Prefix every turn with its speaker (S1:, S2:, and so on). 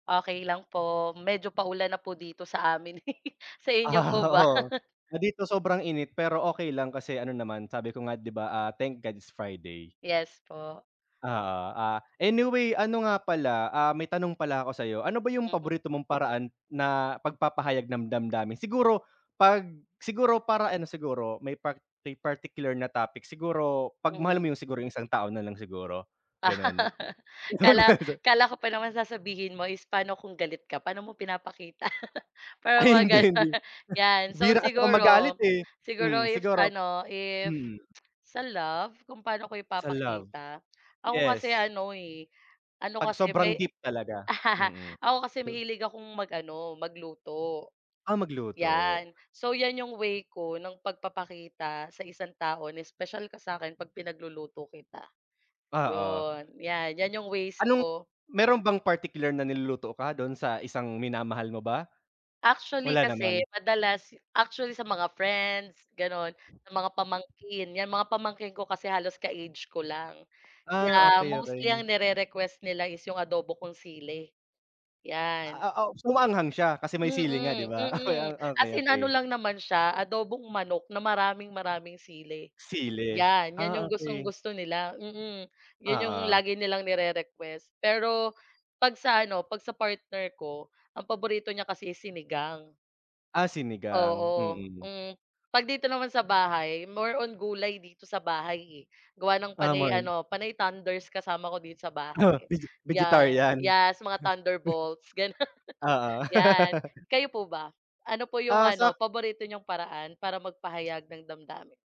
S1: Okey lang po, medyo pa-ulan na po dito sa amin. Sa inyo po ba?
S2: Oo, dito sobrang init pero okey lang kasi ano naman sabi ko nga di ba, ah, "Thank God it's Friday."
S1: Yes po.
S2: Oo, ah, anyway ano nga pala, ah, may tanong pala ako sayo, ano ba yung
S1: Mm.
S2: paborito mong paraan na pag-papahayag ng damdamin? Siguro, pag, siguro para ano siguro may par particular na topic siguro pag mahal
S1: Mhm.
S2: mo yung siguro yung isang tao na lang siguro ganun. [unintelligible]
S1: Kala kala ko pa naman sasabihin mo is pano kung galit ka, paano mo pinapakita
S2: Ay,
S1: parang mga
S2: hindi hindi
S1: ganun yan so
S2: bihira kasi ako magalit
S1: siguro
S2: eh,
S1: siguro
S2: hmm,
S1: if
S2: siguro
S1: ano, if
S2: mm.
S1: sa love kung paano ko
S2: Sa love.
S1: ipapakita, ako kasi
S2: Yes.
S1: ano eh, ano
S2: Pag
S1: kasi
S2: sobrang
S1: may
S2: gift talaga, mm.
S1: ako kasi mahilig akong mag-ano magluto,
S2: Ah, magluto.
S1: yan. So yan yung way ko ng pag-papakita sa isang tao na special ka sakin pag pinagluluto kita.
S2: Oo.
S1: Yun, yan yan yung ways
S2: Anong
S1: ko.
S2: meron bang particular na niluluto ka dun sa isang minamahal mo ba?
S1: Actually
S2: Wala
S1: kasi
S2: naman?
S1: madalas actually sa mga friends, ganon sa mga pamangkin, yan mga pamangkin ko kasi halos ka age ko lang.
S2: Ah,
S1: Yeah, mostly
S2: okey-okey.
S1: ang ni-rerequest nila is yung adobo kong sili, yan.
S2: Ah ah, oh, so maanghang siya kasi may sili nga di
S1: Mm,
S2: ba
S1: mm, as in ano
S2: okey-okey.
S1: lang naman siya, adobong manok na maraming-maraming sili,
S2: Sili?
S1: 'yan, 'yan
S2: Ah,
S1: 'yong
S2: okey.
S1: gustong-gusto nila, mm, yun yung
S2: Oo.
S1: lagi nilang ni-rerequest pero, 'pag sa ano, 'pag sa partner ko, ang paborito niya kasi is sinigang.
S2: Ah, sinigang?
S1: Oo,
S2: Mm.
S1: hmm, 'pag dito naman sa bahay more on gulay dito sa bahay eh, gawa ng
S2: Ah, more
S1: panay
S2: on
S1: ano panay tanders kasama ko dito sa
S2: Oo,
S1: bahay.
S2: vege
S1: Yeah,
S2: vegetarian?
S1: yes, mga thunder bolts gano'n
S2: Oo.
S1: yan. Kayo po ba? Ano po yung
S2: Ah,
S1: ano
S2: sak
S1: paborito niyong paraan para mag-pahayag ng damdamin?